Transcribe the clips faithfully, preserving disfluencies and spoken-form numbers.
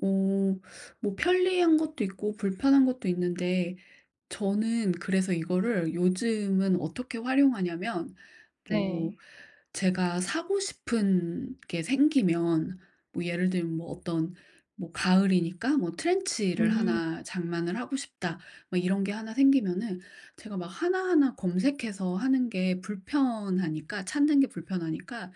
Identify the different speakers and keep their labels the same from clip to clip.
Speaker 1: 어 뭐 편리한 것도 있고 불편한 것도 있는데 저는 그래서 이거를 요즘은 어떻게 활용하냐면 뭐
Speaker 2: 네.
Speaker 1: 제가 사고 싶은 게 생기면 뭐 예를 들면 뭐 어떤 뭐 '가을이니까 뭐 트렌치를
Speaker 2: 음.
Speaker 1: 하나 장만을 하고 싶다.' 뭐 이런 게 하나 생기면은 제가 막 하나하나 검색해서 하는 게 불편하니까 찾는 게 불편하니까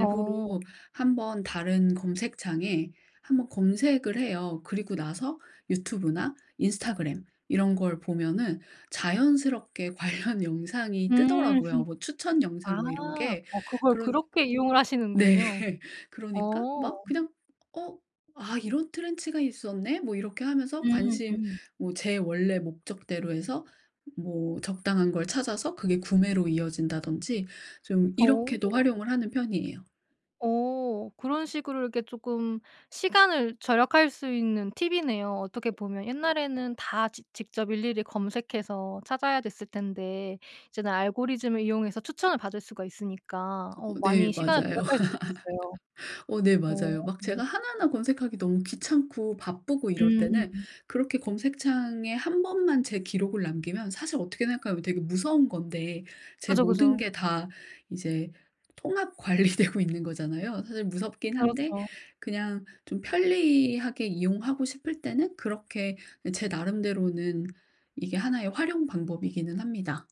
Speaker 2: 어.
Speaker 1: 한 번 다른 검색창에 한 번 검색을 해요. 그리고 나서 유튜브나 인스타그램 이런 걸 보면은 자연스럽게 관련
Speaker 2: 음.
Speaker 1: 영상이 뜨더라고요 뭐 추천
Speaker 2: 아.
Speaker 1: 영상 뭐 이런 게
Speaker 2: 어 그걸
Speaker 1: 그런
Speaker 2: 그렇게 이용을
Speaker 1: 네.
Speaker 2: 하시는군요.
Speaker 1: 그러니까
Speaker 2: 어.
Speaker 1: 막 그냥 어 '아 이런 트렌치가 있었네?' 뭐 이렇게 하면서
Speaker 2: 음
Speaker 1: 관심
Speaker 2: 음.
Speaker 1: 뭐 제 원래 목적대로 해서 뭐 적당한 걸 찾아서 그게 구매로 이어진다든지 좀 이렇게도
Speaker 2: 오.
Speaker 1: 활용을 하는 편이에요.
Speaker 2: 어. 그런 식으로 이렇게 쪼끔 시간을 절약할 수 있는 팁이네요. 어떻게 보면 옛날에는 다 직 직접 일일이 검색해서 찾아야 됐을 텐데 이제는 알고리즘을 이용해서 추천을 받을 수가 있으니까 어
Speaker 1: 어 네
Speaker 2: 많이 시간을
Speaker 1: 맞아요.
Speaker 2: 절약할 수 있겠어요.
Speaker 1: 어 네
Speaker 2: 어.
Speaker 1: 맞아요. 막 제가 하나하나 검색하기 너무 귀찮고 바쁘고 이럴
Speaker 2: 음
Speaker 1: 때는
Speaker 2: 음음.
Speaker 1: 그렇게 검색창에 한 번만 제 기록을 남기면 사실 어떻게 생각하면 되게 무서운 건데 제
Speaker 2: 그죠,
Speaker 1: 모든
Speaker 2: 그죠.
Speaker 1: 게 다 이제 통합 관리되고 있는 거잖아요. 사실 무섭긴 한데
Speaker 2: 그렇죠.
Speaker 1: 그냥 좀 편리하게 이용하고 싶을 때는 그렇게 제 나름대로는 이게 하나 의 활용 방법이기는 합니다.